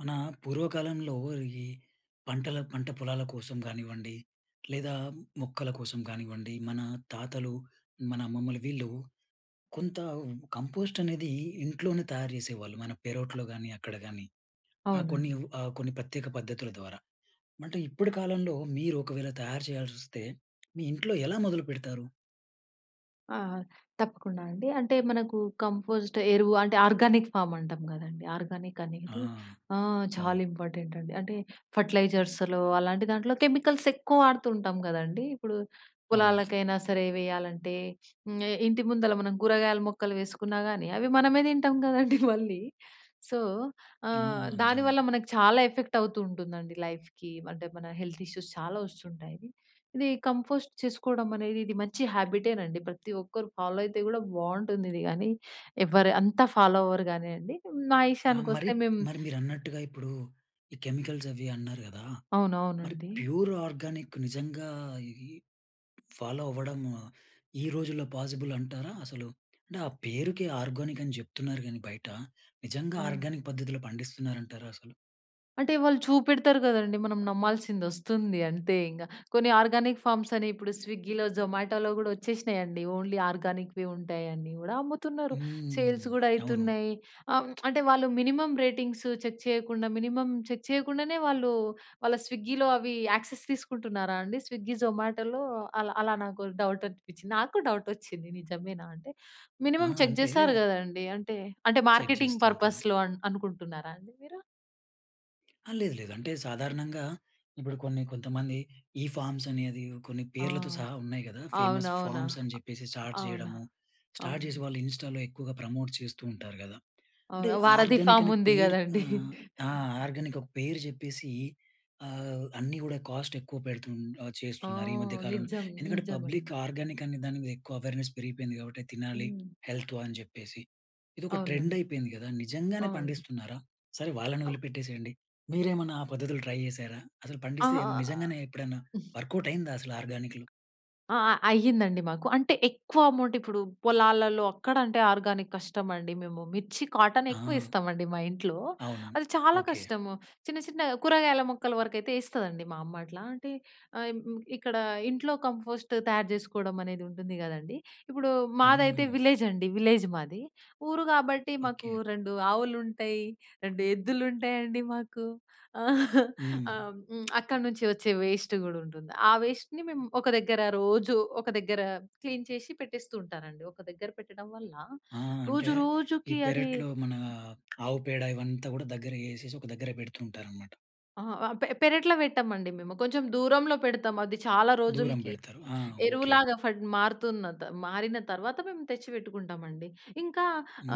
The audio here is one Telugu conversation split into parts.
మన పూర్వకాలంలో ఈ పంటల పంట పొలాల కోసం గానివ్వండి లేదా మొక్కల కోసం గానివ్వండి మన తాతలు, మన అమ్మమ్మలు వీళ్ళు కొంత కంపోస్ట్ అనేది ఇంట్లోనే తయారు చేసేవాళ్ళు మన పేరోట్లో గానీ అక్కడ గాని. ఆ అవునండి. కొన్నివ్ ఆ కొన్ని ప్రత్యేక పద్ధతుల ద్వారా. అంటే ఇప్పటి కాలంలో మీరు ఒకవేళ తయారు చేయాల్సొస్తే, మీ ఇంట్లో ఎలా మొదలు పెడతారు? ఆ! తప్పకుండా అండి. అంటే మనకు కంపోస్ట్ ఎరువు అంటే ఆర్గానిక్ ఫామ్ అంటాం కదండీ. ఆర్గానిక్ ఆ! అనేది ఆహ్, చాలా అవును. ఇంపార్టెంట్ అండి. అంటే ఫెర్టిలైజర్స్‌లో అలాంటి దాంట్లో కెమికల్స్ ఎక్కువ వాడుతుంటాం గదండీ. ఇప్పుడు అవును. పొలాలకైనా సరే వేయాలంటే, హ్మ్, ఇంటి ముందల మనం కూరగాయల మొక్కలు వేసుకున్నా గానీ అవి మనం మనమే తింటాం కదండీ మళ్ళీ. సో, ఆ! ఆహ్, నిజంగా. దానివల్ల మనకు చాలా ఎఫెక్ట్ అవుతూ ఉంటుందండి. లైఫ్‌కి అంటే మన హెల్త్ ఇష్యూస్ చాలా వస్తుంటాయి. ఇది కంపోస్ట్ చేసుకోవడం అనేది ఇది మంచి హాబిటేనండి. ప్రతి ఒక్కరు ఫాలో అయితే కూడా బావుంటుందిది గానీ, ఎవ్వరు అంతా ఫాలో అవ్వరు గానీయండి. మా ఆ! మరి, ఇషయానికొస్తే మేం మరి మీరన్నట్టుగా ఇప్పుడు ఈ కెమికల్స్ అవి అన్నారు గదా! మరి అవునవునండీ. ప్యూర్ ఆర్గానిక్ నిజంగా ఇది ఫాలో అవ్వడం ఈ రోజుల్లో పాసిబుల్ అంటారా? అసలు అంటే ఆ పేరుకే ఆర్గానిక్ అని చెప్తున్నారు గానీ బయట, నిజంగా [unintelligible] ఆర్గానిక్ పద్ధతిలో పండిస్తున్నారంటారా అసలు? అంటే, వాళ్ళు చూపెడతారు కదండీ! మనం నమ్మాల్సింది వస్తుంది అంతే ఇంక. కొన్ని ఆర్గానిక్ ఫామ్స్ అని ఇప్పుడు స్విగ్గీలో, జొమాటోలో కూడా వచ్చేసినాయండి. ఓన్లీ ఆర్గానిక్‌వి ఉంటాయండి, అవి కూడా అమ్ముతున్నారు. హ్మ్. సేల్స్ కూడా అవును. అయితున్నాయి. ఆహ్, అంటే వాళ్ళు మినిమమ్ రేటింగ్స్ చెక్ చేయకుండా, మినిమమ్ చెక్ చేయకుండానే వాళ్ళు, వాళ్ళ స్విగ్గీలో అవి యాక్సెస్ తీసుకుంటున్నారా అండి? స్విగ్గీ, జొమాటోలో అలా, అలా నాకు డౌట్ అనిపించింది. నాకూ డౌట్ వచ్చింది, నిజమేనా! అంటే, ఆ! మినిమమ్ చెక్ అంటే చేస్తారు కదండీ! అంటే, అంటే చెక్ మార్కెటింగ్ చేస్తూ ఉంటారు. పర్పస్‌లో అన్ అనుకుంటున్నారా అండి మీరు? ఆ! లేదు లేదు. అంటే సాధారణంగా ఇప్పుడు కొన్ని కొంతమంది ఈ ఫార్మ్స్ అనేది కొన్ని ఆ! పేర్లతో సహా ఉన్నాయి కదా! ఫేమస్ అవునవునా! ఫార్మ్స్ అని చెప్పేసి స్టార్ట్ అవునా! చేయడము. స్టార్ట్ చేసి అవునండీ. వాళ్ళు ఇన్స్టాల్లో ఎక్కువగా ప్రమోట్ చేస్తూ ఉంటారు కదా! అంటే అవునా! వారధి ఆర్గానిక్ ఫార్మ్ అనే ఉంది పేరు కదండీ! ఆహ్, ఆ! ఆర్గానిక్ ఒక పేరు చెప్పేసి ఆహ్, అన్నీ కూడా కాస్ట్ ఎక్కువ పెడుతు ఆహ్, ఆ! చేస్తున్నారు. ఈ మధ్య కాలంలో. నిజం, ఎందుకంటే నిజమండి. పబ్లిక్ ఆర్గానిక్ అనే దాని మీద ఎక్కువ అవేర్‌నెస్ పెరిగిపోయింది. కాబట్టి తినాలి హ్మ్. హెల్త్ అని చెప్పేసి ఇదొక ట్రెండ్ అవునండి. అయిపోయింది కదా! నిజంగానే అవును. పండిస్తున్నారా? సరే వాళ్ళని వదిలిపెట్టేసేయండి. మీరేమైనా ఆ పద్ధతులు ట్రై చేసారా? అసలు పండిస్తే ఆహ్, నిజంగానే ఎప్పుడైనా వర్క్‌ఔట్ అయిందా అసలు ఆర్గానిక్‌లు? అ! అ! అయ్యిందండి మాకు. అంటే, ఎక్కువ అమౌంట్ ఇప్పుడు పొలాలలో అక్కడ అంటే ఆర్గానిక్ కష్టమండి. మేము మిర్చి, కాటన్ ఎక్కువ ఆ! ఇస్తామండి మా ఇంట్లో. అవును. అది చాలా ఓకే. కష్టం, చిన్న చిన్న కూరగాయల మొక్కల వరకైతే ఇస్తదండి, మా అమ్మ అట్లా. అంటే ఆహ్, హ్మ్, ఇక్కడ ఇంట్లో కంపోస్ట్ తయారు చేసుకోవడం అనేది ఉంటుంది కదండీ! ఇప్పుడు, మాదైతే హ్మ్. విలేజ్ అండి, విలేజ్ మాది. ఊరు కాబట్టి మాకు ఓకే. రెండు ఆవులు ఉంటాయి, రెండు ఎద్దులుంటాయండి, మాకు. ఆహ్, హ్మ్. అక్కడి నుంచి వచ్చే వేస్ట్ కూడా ఉంటుంది. ఆ వేస్ట్‌ని మేము, ఒక దగ్గర రోజు ఒక దగ్గర క్లీన్ చేసి పెట్టేస్తూ ఉంటానండి. ఒక దగ్గర పెట్టడం వల్ల, ఆ! అంటే రోజు ఈ రోజుకి అది పెరట్లో మన ఆవుపేడ ఇవంతా కూడా దగ్గర చేసేసి ఒక దగ్గర పెడుతూ ఉంటారనమాట. అహా! ఆహ్, పె పెరట్లో పెట్టమండి మేము, కొంచెం దూరంలో పెడతాము. అది చాలా దూరం రోజులకి, పెడతారు. ఆ! ఓకే. ఎరువులాగా పడి మారుతుందత మారిన తర్వాత మేము తెచ్చి పెట్టుకుంటామండి. ఇంకా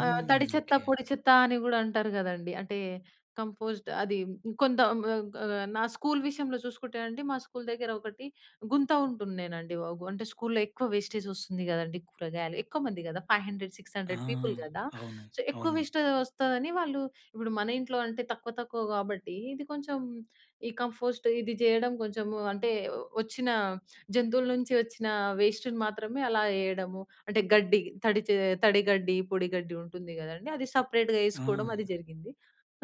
ఆహ్, తడిచెత్త, ఓకే. పొడిచెత్త అని కూడా అంటారు కదండీ! అంటే, కంపోస్ట్ అది కొంత హ్మ్, ఆహ్, నా స్కూల్ విషయంలో చూసుకుంటే అండి, మా స్కూల్ దగ్గర ఒకటి గుంత ఉంటుండేనండి. వగు అంటే, స్కూల్‌లో ఎక్కువ వేస్టేజ్ వస్తుంది కదండీ! కూరగాయలు ఎక్కువమంది కదా! Five hundred, six ah! Hundred people కదా! అవును. సో, ఎక్కువ అవును. వేస్ట్‌జ్ వస్తదని వాళ్ళు, ఇప్పుడు మన ఇంట్లో అంటే తక్కువ, తక్కువ కాబట్టి ఇది కొంచెం, ఈ కంపోస్ట్ ఇది చేయడం, కొంచెం అంటే వచ్చిన, జంతువుల నుంచి వచ్చిన వేస్ట్‌ని మాత్రమే అలా ఎయడము. అంటే, గడ్డి, తడిచే తడిగడ్డి, పొడగడ్డి ఉంటుంది కదండీ! అది సెపరేట్‌గా వేసుకోవడం, ఆ! అది జరిగింది.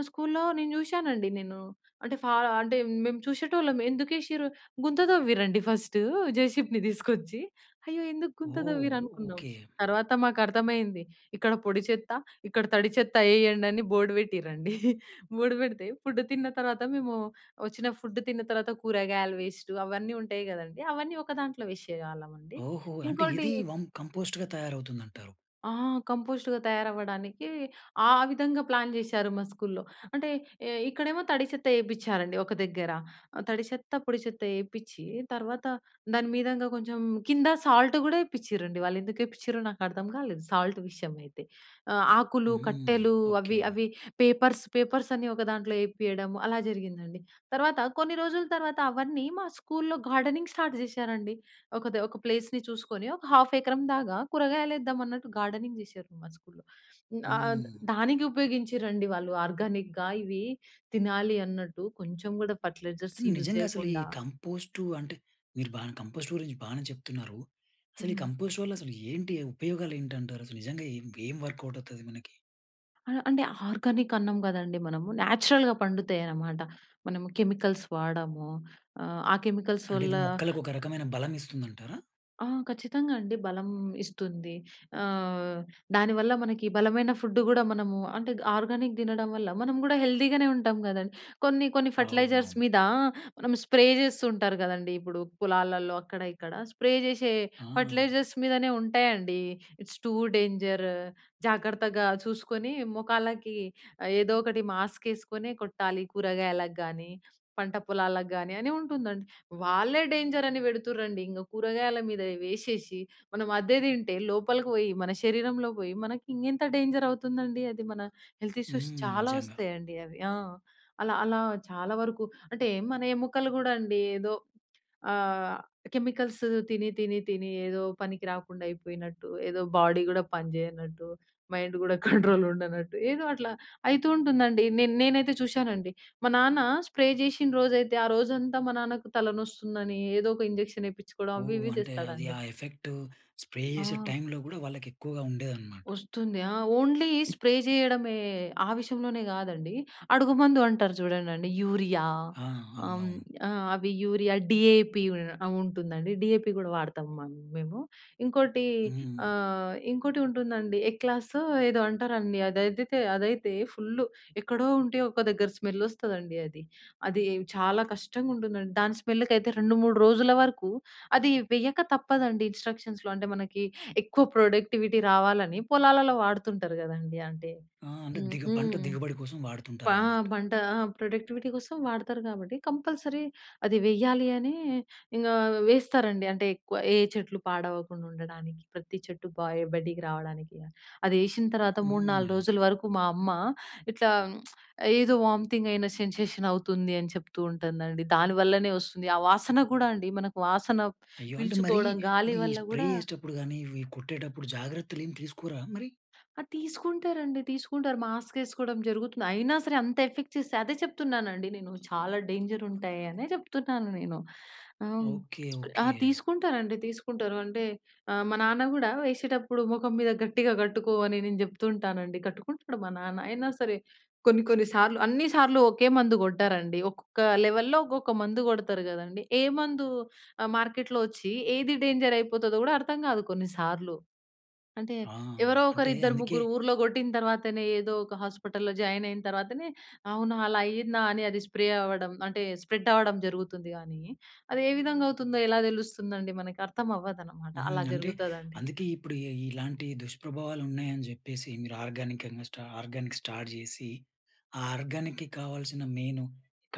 స్కూల్‌లో నేను చూశానండి, నేను. అంటే, ఫార అంటే మేము చూసేటోళ్ళం. ఎందుకు వేసిరు గుంత తవ్విరండి ఫస్ట్, జేసిబిని తీసుకొచ్చి. అయ్యో! ఎందుకు గుంత ఓహ్! తవ్విరు అనుకున్నాం. ఓకే. తర్వాత మాకు అర్థమైంది, ఇక్కడ పొడిచెత్త, ఇక్కడ తడిచెత్త ఏయండి అని బోర్డ్ పెట్టిరండి. బోర్డ్ పెడితే ఫుడ్ తిన్న తర్వాత మేము, వచ్చిన ఫుడ్ తిన్న తర్వాత కూరగాయల వేస్ట్ అవన్నీ ఉంటాయి కదండీ! అవన్నీ ఒక దాంట్లో వేసేవాళ్ళం అండి. ఓహో! అంటే ఇంకోటి ఇది, కం కంపోస్ట్‌గా తయారవుతుందంటారు. ఆ! కంపోస్ట్‌గా తయారవ్వడానికి, ఆ విధంగా ప్లాన్ చేశారు మా స్కూల్‌లో. అంటే, ఏహ్! ఇక్కడేమో తడి చెత్త వేపించారండి, ఒక దగ్గర. తడి చెత్త, పొడి చెత్త వేపించి తర్వాత, దాని మీదంగా కొంచెం కింద సాల్ట్ కూడా వేపిచ్చిరండి. వాళ్ళు ఎందుకు ఎపిచ్చిరొ నాకు అర్థం కాలేదు, సాల్ట్ విషయం అయితే. ఆహ్, ఆకులు, హ్మ్. కట్టెలు ఓకే. అవి అవి పేపర్స్, పేపర్స్ అన్నీ ఒక దాంట్లో వేపియడము, అలా జరిగిందండి. తర్వాత కొన్ని రోజుల తర్వాత అవన్నీ, మా స్కూల్‌లో గార్డెనింగ్ స్టార్ట్ చేశారండి. ఒక ది ఒక ప్లేస్‌ని చూసుకొని, ఒక హాఫ్ ఎకరం దాగా కూరగాయలు వేద్దాం అన్నట్టు, గార్డెనింగ్ చేశారు, మా స్కూల్‌లో. ఆహ్, హ్మ్. దానికి ఉపయోగించిరండి వాళ్ళు, ఆర్గానిక్‌గా ఇవి తినాలి అన్నట్టు. కొంచెం కూడా ఫెర్టిలైజర్స్ కానీ యూజ్ నిజంగా అసలు, ఈ చేయకుండా. కంపోస్టు అంటే, మీరు బాగా కంపోస్ట్ గురించి బాగానే చెప్తున్నారు. అసలు ఈ హ్మ్. కంపోస్ట్ వల్ల, అసలు ఏంటి ఉపయోగాలు ఏంటంటారు? అసలు నిజంగా ఇంక ఏం వర్కౌట్ అవుతది మనకి? ఆ! అంటే ఆర్గానికన్నాం కదండీ మనము న్యాచురల్‌గా పండుతాయన్నమాట. మనము కెమికల్స్ వాడము. ఆహ్, ఆ కెమికల్స్ అంటే ఇది వల్ల మొక్కలకు ఒక రకమైన బలం ఇస్తుందంటారా? ఆ! ఖచ్చితంగా అండి. బలం ఇస్తుంది. ఆహ్, దానివల్ల మనకి బలమైన ఫుడ్ గూడా మనము అంటే ఆర్గానిక్ తినడం వల్ల మనం గూడా హెల్తీ గానే ఉంటాం కదండీ! కొన్ని కొన్ని ఫెర్టిలైజర్స్ అవునవును. మీద, మనం స్ప్రే చేస్తూ ఉంటారు కదండీ! ఇప్పుడు పొలాలలో అక్కడ, ఇక్కడ స్ప్రే జేసే ఆ! ఫెర్టిలైజర్స్ మీదనే ఉంటాయండి. ఇట్స్ టూ డేంజర్ జాగ్రత్తగా చూసుకొని మొఖాలకి ఏదోకటి మాస్క్ ఏసుకొనే కొట్టాలి. కూరగాయలగాని, పంట పొలాలగాని అని ఉంటుందండి. వాళ్ళే డేంజర్, అని పెడుతుర్రండి. ఇంక కూరగాయల మీద వేసేసి మనం అదే తింటే లోపలికి పోయి, మన శరీరంలో బోయి మనకి ఇంకెంత డేంజర్ అవుతుందండి, అది మన హెల్త్ ఇష్యూస్ హ్మ్. చాలా నిజంగా! వస్తాయండి అవి. ఆ! అలా, అలా చాలా వరకు అంటే మన ఎముకలు కూడా అండి ఏదో ఆహ్, కెమికల్స్ తిని, తిని, తిని ఏదో పనికి రాకుండా అయిపోయినట్టు, ఏదో బాడీ గూడా పనిచేయనట్టు, మైండ్ గూడా కంట్రోల్ ఉండనట్టు ఏదో అట్లా అయితూ ఉంటుందండి. నేన్ నేనైతే చూశానండి మా నాన్న స్ప్రే చేసిన రోజైతే ఆ రోజంతా మా నాన్నకు తలనొస్తుందని ఏదో ఒక ఇంజెక్షన్ ఏయిపించుకోడం అవి ఓహ్! ఇవి అంటే అది చేస్తాడండి. ఆ ఎఫెక్ట్ స్ప్రే చేసే ఆ! టైమ్‌లో గూడా వాళ్ళకి ఎక్కువగా ఉండేదనమాట. వస్తుంది. ఆ! ఓన్లీ స్ప్రే చేయడమే, ఆ విషయంలోనే కాదండి అడుగు మందు అంటారు చూడండండి, యూరియా ఆ! ఆహ్, అవునవును. ఆహ్, అవి యూరియా డీఏపీ ఉంటుందండి. డీఏపీ కూడా వాడతాం మ మేము. ఇంకోటి హ్మ్. ఆహ్, ఇంకోటి ఉంటుందండి ఎక్లాసో ఏదో అంటారండి. అదైతెతే అదైతే ఫుల్ ఎక్కడో ఉంటే ఒక దగ్గర స్మెల్ వస్తదండి అది. అది చాలా కష్టంగుంటుందండి. దాని స్మెల్‍కైతే 2, 3 రోజుల వరకు అది వెయ్యక తప్పదండి ఇన్‌స్ట్రక్షన్స్‌లో అంటే మనకి ఎక్కువ ప్రొడక్టివిటీ రావాలని పొలాలలో వాడుతుంటారు కదండీ అంటే ఆ! అంటే హ్మ్. దిగబ పంట హ్మ్. దిగుబడి కోసం పా వాడుతుంటారన్నమాట. పంట ప్రొడక్టివిటీ కోసం వాడతారు కాబట్టి కంపల్‌సరీ అది వేయాలి అనీ, ఇంకా వేస్తారండి అంటే ఎక్కువ ఏ చెట్లు పాడవకుండా ఉండడానికి, ప్రతి చెట్టు పా బయటికి రావడానికి, అది ఎసిన తర్వాత 3, 4 హ్మ్. రోజుల వరకు మా అమ్మా, ఇట్లా ఏదో వాంతింగ్ అయిన సెన్‌సేషన్ అవుతుంది అని చెప్తూ ఉంటుందండి. దాని వల్లనే వస్తుంది, ఆ వాసన కూడా అండి మనకు వాసన అయ్యో! అంటే మరి పీల్చుకోవడం గాలి ఈ వల్ల స్ప్రే గూడా చేసేటప్పుడు గాని, ఇవి కొట్టేటప్పుడు జాగ్రత్తలేమి తీసుకోరా మరి? అ! తీసుకుంటారండి తీసుకుంటారు. మాస్కేసుకోడం జరుగుతుంది. అయినా సరే అంత ఎఫెక్ట్ చేస్తయి. అదే చెప్తున్నానండి నేను, చాలా డేంజర్ ఉంటాయి అనే చెప్తున్నాను నేను. ఆ! ఓకె. ఆ! ఓకె. తీసుకుంటారండి తీసుకుంటారు! అంటే ఆహ్, మా నాన్న గూడా ఎసేటప్పుడు మొఖం మీద గట్టిగా కట్టుకో అని నేను చెప్తూ ఉంటానండి. కట్టుకుంటాడు మా నాన్న. అయినా సరే కొన్ని, కొన్ని సార్లు అన్నీ, సార్లు ఒకే మందు కొట్టరండి. ఒక్కొక్క లెవెల్లో ఒక్కొక్క మందు కొడతారు కదండీ! ఏ మందు ఆహ్, మార్కెట్‍లో వచ్చి ఏది డేంజర్ అయిపోతుందో గూడా అర్థం కాదు కొన్నిసార్లు. అంటే ఆ! ఎవరో ఒకరు, అంటే ఇద్దరు, అందుకే ముగ్గురు ఊర్లో కొట్టిన తర్వాతనే ఏదో ఒక హాస్పటల్లో జాయిన్ అయిన తర్వాతనే అవునా! అలా అయ్యిందా! అని అది స్ప్రే అవ్వడం అంటే స్ప్రెడ్ అవ్వడం జరుగుతుంది గానీ, అది ఏ విధంగా అవుతుందో ఎలా తెలుస్తుందండి. మనకు అర్థమవ్వదనమాట. హ్మ్, అలా అంటే జరుగుతుందండి. అందుకే ఇప్పుడు ఇ ఇలాంటి దుష్ప్రభావాలు ఉన్నాయని చెప్పేసి మీరు ఆర్గానికంగా స్టా ఆర్గానిక్ స్టార్ట్ జేసి, ఆ ఆర్గానిక్‍కి కావాల్సిన మెయిను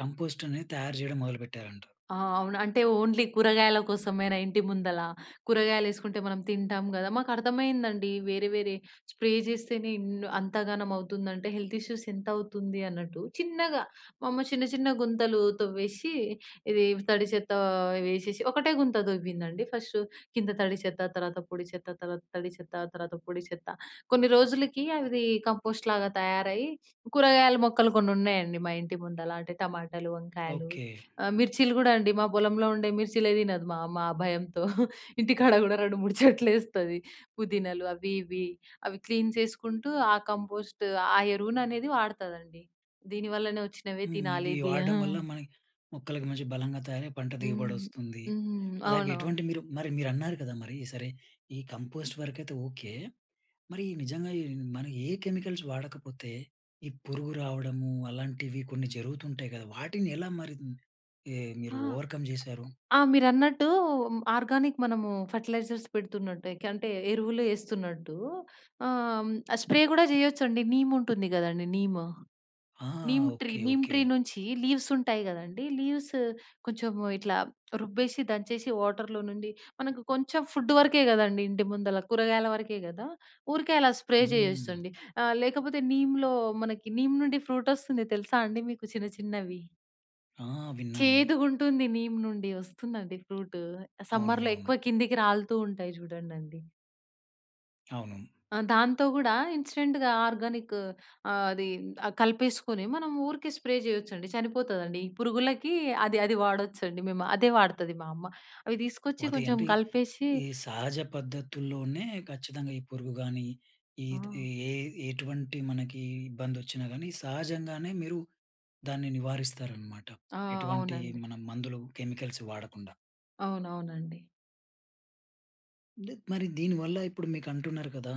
కంపోస్ట్ అనేది తయారు చేయడం మొదలుపెట్టారంట. ఆ! అవును అంటే ఓన్లీ కూరగాయల కోసమేనా ఇంటి ముందల, కూరగాయలేసుకుంటే మనం తింటాం గదా! మాకు అర్థమైందండి. వేరే, వేరే స్ప్రే చేస్తేనే ఇన్న్ అంత ఘనం అవుతుందంటే, హెల్త్ ఇష్యూస్ ఎంతౌతుంది అన్నట్టు, చిన్నగా మమ్మ చిన్న, చిన్న గుంతలు తవ్వేసి ఇది తడి చెత్త వేసేసి ఒకటే గుంత తొవ్విందండి ఫస్ట్ కింద తడి చెత్త, తర్వాత పొడి చెత్త తర్వాత తడి చెత్త తర్వాత పొడి చెత్త. కొన్ని రోజులకి అవి కంపోస్ట్‌ లాగా తయారయ్యి కూరగాయల మొక్కలు కొన్ని ఉన్నాయండి మా ఇంటి ముందల అంటే టమాటాలు, వంకాయలు, ఓకె. ఆహ్, మిర్చీలు గూడా అండి మా పొలంలో ఉండే మిర్చీలే తినదు మామ్మ ఆ భయంతో. ఇంటికాడ కూడా 2, 3 చెట్లేస్తది. పుదీనాలు అవి ఇవి అవి క్లీన్ చేసుకుంటూ ఆ కంపోస్ట్, ఆ ఎరువుననేది వాడతదండి. దీనివల్లనే వచ్చినవే హ్మ్. ఇవి తినాలి ది వాడడం వల్ల హ్మ్. మన మొక్కలకి మంచి బలంగా తయారై పంట దిగుబడి హ్మ్, వస్తుంది. హ్మ్. అలాగే అవునా? ఎటువంటి మీరు మరి మీరన్నారు కదా! మరి సరే, ఈ కంపోస్ట్ వరకైతే ఓకె. మరి నిజంగా ఈ మనం ఏ కెమికల్స్ వాడకపోతే ఈ పురుగు రావడము అలాంటివి కొన్ని జరుగుతుంటాయి కదా! వాటిని ఎలా మరి ఏ, మీరు హా! ఓవర్‌కమ్ చేశారు? ఆ! మీరన్నట్టూ ఆర్గానిక్ మనము ఫెర్టిలైజర్స్ పెడుతున్నట్టు ఏకంటే ఎరువులు ఏస్తున్నట్టూ ఆహ్, హ్మ్, స్ప్రే కూడా చేయొచ్చండి నీమ్ ఉంటుంది కదండీ! Neem, ah! Neem tree. Okay. Neem okay. Tree నుంచి లీవ్స్ ఉంటాయి కదండీ! లీవ్స్ కొంచెం ఇట్లా రుబ్బేసి, దంచేసి వాటర్‌లో నుండి మనకు కొంచెం ఫుడ్ వరకే కదండీ. ఇంటి ముందల కూరగాయల వరకే కదా! ఊరికే అలా స్ప్రే హ్మ్. చేయొచ్చండి. ఆహ్, లేకపోతే నీమ్‌లో మనకి నీమ్ నుండి ఫ్రూటొస్తుంది తెలుసా అండి మీకు చిన్న చిన్నవి? ఆ! విన్నాను. చేదుగుంటుంది నీమ్ నుండి వస్తుందండి ఫ్రూటు. ఆహ్, అవును. సమ్మర్‌లో అవును. ఎక్కువ కిందికి రాలుతూ ఉంటాయి చూడండండీ. అవును. ఆ! దాంతో గూడా, ఇన్‌స్టెంట్‌గా ఆర్గానికు ఆహ్, అదీ ఆహ్, కలిపేసుకొని మనం ఊరికే స్ప్రే చేయొచ్చండి, చనిపోతదండి. ఈ పురుగులకి అది అది వాడొచ్చండి మేము. అదే వాడుతది మా అమ్మ, అవి తీసుకొచ్చి అదే కొంచెం అంటే, కలిపేషి ఈ సహజ పద్ధతుల్లోనే ఖచ్చితంగా ఈ పురుగు గానీ, ఈటిది ఆ! ఎ ఎటువంటి మనకీ ఇబ్బందొచ్చినా గానీ, సహజంగానే మీరు దాన్ని నివారిస్తారనమాట. ఆ! ఎటువంటి అవునండి. మనం మందులు, కెమికల్సు వాడకుండా. అవునవునండి. లేద్ మరి దీనివల్ల, ఇప్పుడు మీకంటున్నారు కదా!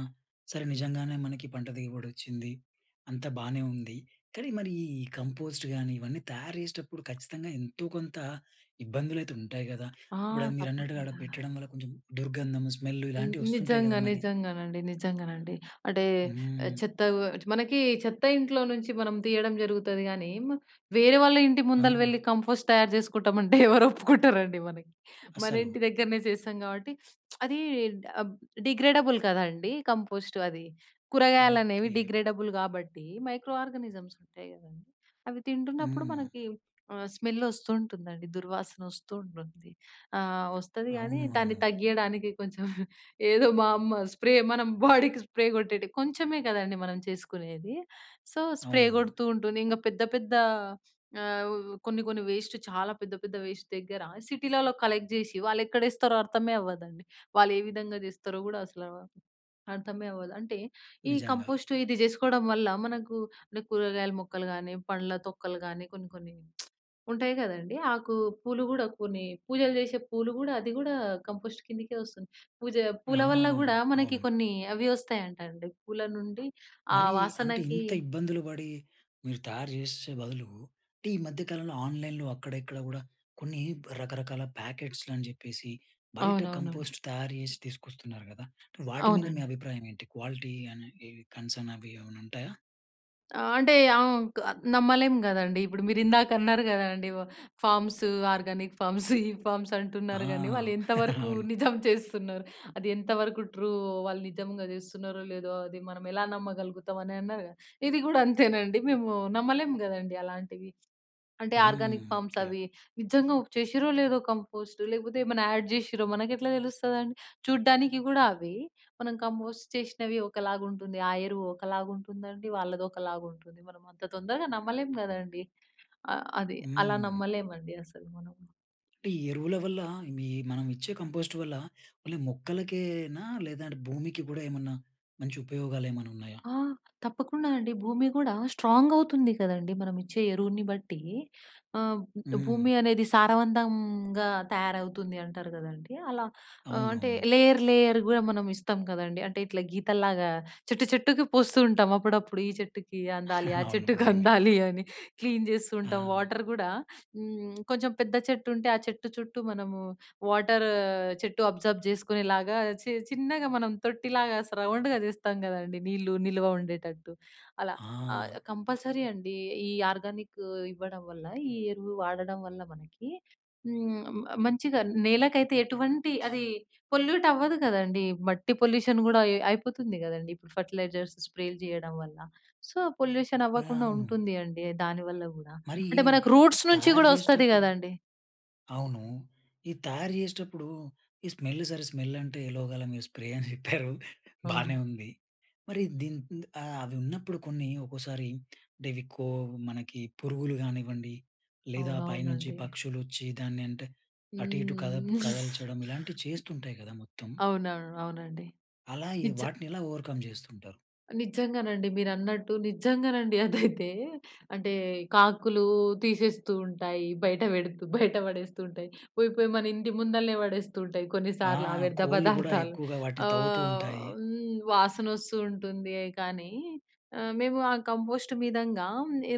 సరే, నిజంగానే మనకి పంట దిగుబడొచ్చింది, అంతా బానే ఉంది, కాని, మరి ఈ ఈ కంపోస్టు గానీ, ఇవన్నీ తయారు చేసేటప్పుడు, ఖచ్చితంగా ఎంతో కొంత ఇబ్బందులైతే ఉంటాయి గదా! ఆ! ఇప్పుడన్ మీరన్నట్టుగా ఆడ తప్పకుండా. పెట్టడం వల్ల కొంచెం దుర్గంధము, స్మెల్లు హ్మ్. ఇలాంటివొస్తుంటాయి గదా నిజంగా, మరి? నిజంగానండి. నిజంగానండి. అంటే, ఆహ్, హ్మ్. చెత్తవ్వచ్చు మనకీ చెత్త ఇంట్లో నుంచి మనం తీయడం జరుగుతది గానీ, మా వేరే వాళ్ళ ఇంటి ముందల వెళ్లి, ఆ! కంఫోస్ట్ తయారు చేసుకుంటాం అంటే, ఎవరొప్పుకుంటారండి మనకి? అసలు. మనింటి దెగ్గరనే జేస్తాం గాబట్టి, అదీ డాబ్ డిగ్రేడబుల్ కదండీ! కంపోస్టు అది. కూరగాయలనేవి ఓకే. డిగ్రేడబుల్ గాబట్టి, మైక్రో ఆర్గానిజమ్స్ ఉంటాయి కదండి. అవి తింటున్నప్పుడు హ్మ్. మనకి, ఆహ్, స్మెల్లోస్తూంటుందండి, దుర్వాసనొస్తూంటుంది. ఆహ్, వస్తది గానీ, అవును. దాన్ని అవును. తగ్గీయడానికి కొంచెం, ఏదో మా అమ్మ స్ప్రే మనం బాడీకి స్ప్రే కొట్టేటి కొంచెమే కదండి మనం చేసుకునేది. సో, స్ప్రే అవును. కొడుతూ ఉంటుంది. ఇంగ పెద్ద పెద్ద ఆహ్, వ్ కొన్ని కొన్ని వేస్టు చాలా పెద్ద పెద్ద వేస్ట్ దెగ్గర, సిటీలల్లో కలెక్ట్ జేషి, వాళ్ళెక్కడేస్తారో అర్థమే అవ్వదండి. వాళ్ళేవిధంగా జేస్తారో గూడా అసలా అర్థమే అవ్వదు. అంటే, ఈ నిజంగా. కంపోస్టు, ఇది జేసుకోడం వల్ల, మనకు అంటే, కూరగాయల మొక్కలు గానీ, పండ్ల తొక్కలు గానీ, కొన్ని కొన్ని ఉంటాయి కదండీ, ఆకు, పూలు గూడా కొన్ని, పూజలు చేసే పూలు గూడా, అది గూడా, కంపోస్ట్‌ కిందికే వస్తుంది. పూజా ఆ! పూల వల్ల గూడా మనకి అవును. కొన్ని, అవి ఒస్తాయంటండి, పూల నుండి ఆ మరీ, అంటే వాసనకీ ఇంత ఇబ్బందులు పడి, మీరు తయారు జేషేషే బదులు, అంటే, ఈ మధ్య కాలంలో ఆన్లైన్‍లో అక్కడిక్కడ గూడా, కొన్ని రకరకాల ప్యాకెట్స్‌‌లని జెప్పేసి, బయట అవునవునండి. కంపోస్ట్ తయారు జేసి తీసుకొస్తున్నారు గదా! వాటి మీద మీ అవునండి. అభిప్రాయమేంటి? క్వాలిటీ అనే ఈ కన్సర్నవీ ఏమన్నుంటాయా? అంటే ఆంక్ నమ్మలేం గదండీ. ఇప్పుడు మీరు ఇందాక అన్నారు గదండీ. వ ఫార్మ్స్, ఆర్గానిక్ ఫార్మ్స్ ఈ ఫార్మ్స్ ఆ! అంటున్నారు గానీ వాళ్ళు అవును. అది ఎంత వరకు ట్రూ వాళ్ళు నిజంగా జేస్తున్నారో లేదో అది మనం ఎలా నమ్మగలుగుతాం అని అన్నారుగా. ఇది గూడా అంతేనండి. మేము నమ్మలేము గదండీ అలాంటివి. అంటే హ్మ్. Organic farms okay. అవి నిజంగా చేసిర్రో లేదో కంపోస్ట్ లేకపోతే ఏమైనా యాడ్ జేసిర్రో మనకెట్లా తెలుస్తుందండి? చూడ్డానికి గూడా అవ్వి మనం కంపోస్ట్ చేషినవి ఒకలాగా ఉంటుంది. ఆ ఎరువు ఒకలాగా ఉంటుందండి. వాళ్ళది ఒకలాగా ఉంటుంది. మనం అంత తొందరగా నమ్మలేం గదండీ, ఆహ్, అది. అలా హ్మ్. నమ్మలేమండి అసలు మనం. అంటే ఈ ఎరువుల వల్ల మీ మనమిచ్చే కంపోస్ట్ వల్ల ఓన్లీ మొక్కలకేనా, లేదంటే భూమికి గూడా ఏమన్నా మంచి ఉపయోగాలు ఏమైనా ఉన్నాయా? ఆ! తప్పకుండా అండి. భూమి గూడా స్ట్రాంగ్ అవుతుంది కదండీ. మనమిచ్చే ఎరువుని బట్టి. ఆహ్, బ్ హ్మ్. భూమి అనేది సారవంతంగా తయారవుతుంది అంటారు గదండీ అలా. ఆహ్ అంటే అవునవును. లేయర్, లేయర్ గూడా మనం ఇస్తాం కదండీ. అంటే ఇట్లా గీతల్లాగా చెట్టు చెట్టుకి పోస్తూ ఉంటాం అప్పుడప్పుడు. ఈ చెట్టుకి అందాలి ఆ అవును. చెట్టుకి నిజంగా. అందాలి అని, క్లీన్ జేస్తూ ఉంటాం. ఆ! వాటర్ గూడా హ్మ్. కొంచెం పెద్ద చెట్టు ఉంటే ఆ చెట్టు చుట్టూ మనము వాటరు చెట్టు అబ్‌సార్బ్ జేసుకునే లాగా చి చిన్నగా మనం తొట్టిలాగా స రౌండ్‌గా జేస్తాం కదండీ నీళ్లు నిలువ ఉండేటట్టు అలా. ఆహ్, ఆ! కంపల్సరీ అండి. ఈ ఆర్గానిక్ ఇవ్వడం వల్ల, ఈ ఎరువు వాడడం వల్ల మనకి హ్మ్. మ మంచిగా నేలకైతే ఎటువంటి అది పొల్యూట్ అవ్వదు కదండీ, మట్టి పొల్యూషన్ గూడా అయ్ అయిపోతుంది కదండీ ఇప్పుడు ఫర్టిలైజర్స్ స్ప్రేలు జేయడం వల్ల. సో, పొల్యూషన్ ఆ! అవ్వకుండా అవును. ఉంటుంది అండి దానివల్ల గూడా. మరి అంటే ఈ మనకు రూట్స్ నుంచి తయారు గూడా వస్తది జేసేటప్పుడు, కదండీ. అవును. ఇది తయారు జేసేటప్పుడు ఈ స్మెల్ సరే స్మెల్ అంటే లోగాల మీరు స్ప్రే అని ఎట్టారు బానే అవును. ఉంది. మరి దీని ఇంత్ ఆహ్, అవి ఉన్నప్పుడు కొన్ని ఒకోసారి డెవికో మనకి పురుగులు గానివ్వండి, లేదా పైనుంచి అవునవునండి. పక్షులొచ్చి దాన్ని అంటే అటు ఇటు కదప్ హ్మ్. కదల్చడం ఇలాంటివి చేస్తుంటాయి గదా మొత్తం... అవునవును. అవునండి. అలా ఈ నిజ వాటిని ఎలా ఓవర్‌కమ్ జేస్తుంటారు? నిజంగానండి మీరన్నట్టు. నిజంగానండి అదైతే, అంటే, కాకులు తీసేస్తూ ఉంటాయి. బయట పెడుతూ, బయట పడేస్తుంటాయి. పోయి పోయి మన ఇంటి ముందలనే పడేస్తూ ఉంటాయి కొన్నిసార్లు ఆ ఆహ్! వ్యర్థ కోళ్ళు గూడా పదార్థాలు. ఎక్కువగా వాటిని తవ్వుతూ ఆహ్, ఉంటాయి. హ్మ్. వాసన వస్తూ ఉంటుందే కానీ, ఆహ్, మేము ఆ కంపోస్ట్ మీదంగా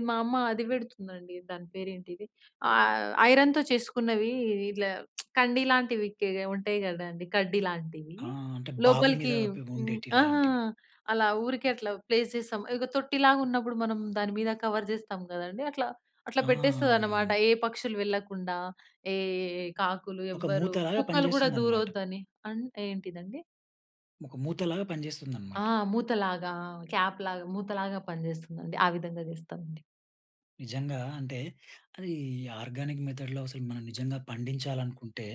మా అమ్మ అది పెడుతుందండి. దాని పేరు ఏంటిది ఆహ్, ఐరన్‍తో చేసుకున్నవి ఇలా కండీ లాంటివి కే ఉంటాయి కదండీ కడ్డీ లాంటివి. ఆ! అంటే బావి మీద లోపలికి అపి హ్మ్. ఉండేటి ఆహా! లాంటివి. అలా ఊరికే అట్లా ప్లేస్ జేస్తాం. ఇగ తొట్టిలాగున్నప్పుడు మనం దాని మీద కవర్ జేస్తాం గదండీ. అట్లా, అట్లా ఆ! పెట్టేస్తదనమాట. అవునవును. ఏ పక్షులు వెళ్ళకుండా, ఏ ఏ కాకులు ఒక మూత ఎవ్వరు కుక్కలు గూడా పనిచేస్తుందన్నమాట. దూరొద్దని. అన్ ఏంటిదండి? ఒక మూతలాగా పనిజేస్తుందన్నమాట. ఆహ్! మూతలాగా క్యాప్‌లాగా మూతలాగా పనిజేస్తుందండి. ఆ విధంగా జేస్తామండి. నిజంగా అంటే అది ఆర్గానిక్ మెథడ్‌లో అసలు మనం నిజంగా పండించాలనుకుంటే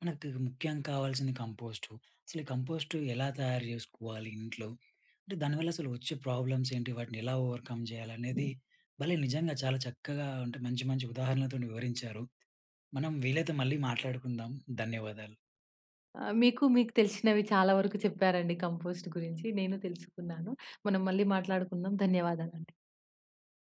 మనకు తగు ముఖ్యం కావాల్సింది కంపోస్ట్. అసలు ఈ కంపోస్ట్ ఎలా తయారు జేసుకోవాలి ఇంట్లో? అంటే దానివల్ల అసలు వచ్చే ప్రాబ్లమ్స్ ఏంటి? వాటిని ఎలా ఓవర్‌కమ్ జేయాలనేది భలే! నిజంగా చాలా చక్కగా అంటే మంచి మంచి ఉదాహరణలతోని వివరించారు. మనం వీలైతే మళ్ళీ మాట్లాడుకుందాం. ధన్యవాదాలు. ఆహ్, మీకు మీకు తెలిషినవి చాలా వరకు చెప్పారండి కంపోస్ట్ గురించి. నేనూ తెలుసుకున్నాను. మనం మళ్ళీ మాట్లాడుకుందాం. ధన్యవాదాలండి